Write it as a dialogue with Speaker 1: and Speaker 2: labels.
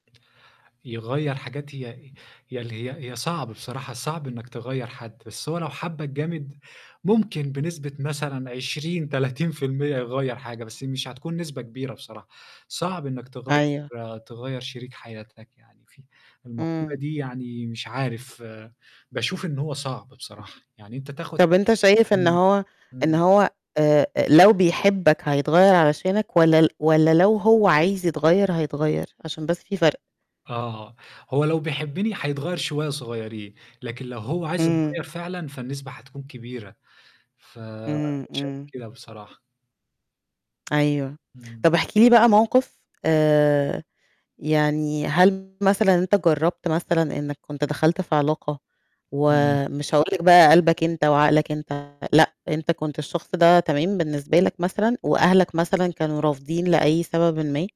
Speaker 1: يغيّر حاجات هي ي اللي هي هي صعب بصراحة، صعب إنّك تغيّر حد، بس هو لو حَبّك جامد ممكن بنسبة مثلًا 20، 30% يغيّر حاجة بس مش هتكون نسبة كبيرة بصراحة. صعب إنّك تغيّر
Speaker 2: أيوه.
Speaker 1: تغيّر شريك حياتك يعني في المقولة
Speaker 2: إمم.
Speaker 1: دي يعني مش عارف باشوف إن هو صعب بصراحة، يعني أنت تاخُد
Speaker 2: طب أنت شايف إن
Speaker 1: إمم،
Speaker 2: هو إن
Speaker 1: إمم.
Speaker 2: هو آآ لو بيحبك هيتغيّر علشانك والّا ل والّا لو هو عايز يتغيّر هيتغيّر؟ عشان بس في فرق.
Speaker 1: آه، هو لو بيحبني هيتغيّر شوية صغيرين لكن لو هو عايز
Speaker 2: إمم.
Speaker 1: يتغيّر فعلًا فالنسبة هتكون كبيرة. فأنا
Speaker 2: إمم،
Speaker 1: شايف
Speaker 2: إمم.
Speaker 1: كده بصراحة.
Speaker 2: أيوه.
Speaker 1: امم.
Speaker 2: طب احكِ لي بقى موقِف آآ يعني هل مثلًا أنت جرّبت مثلًا إنّك كنت دخلت في علاقة
Speaker 1: امم.
Speaker 2: ومش هاقول لك بقى قلبك أنت وعقلك أنت، لأ، أنت كنت الشخص ده تمام بالنسبة لك مثلًا وأهلك مثلًا كانوا رافضين لأي سببٍ ما؟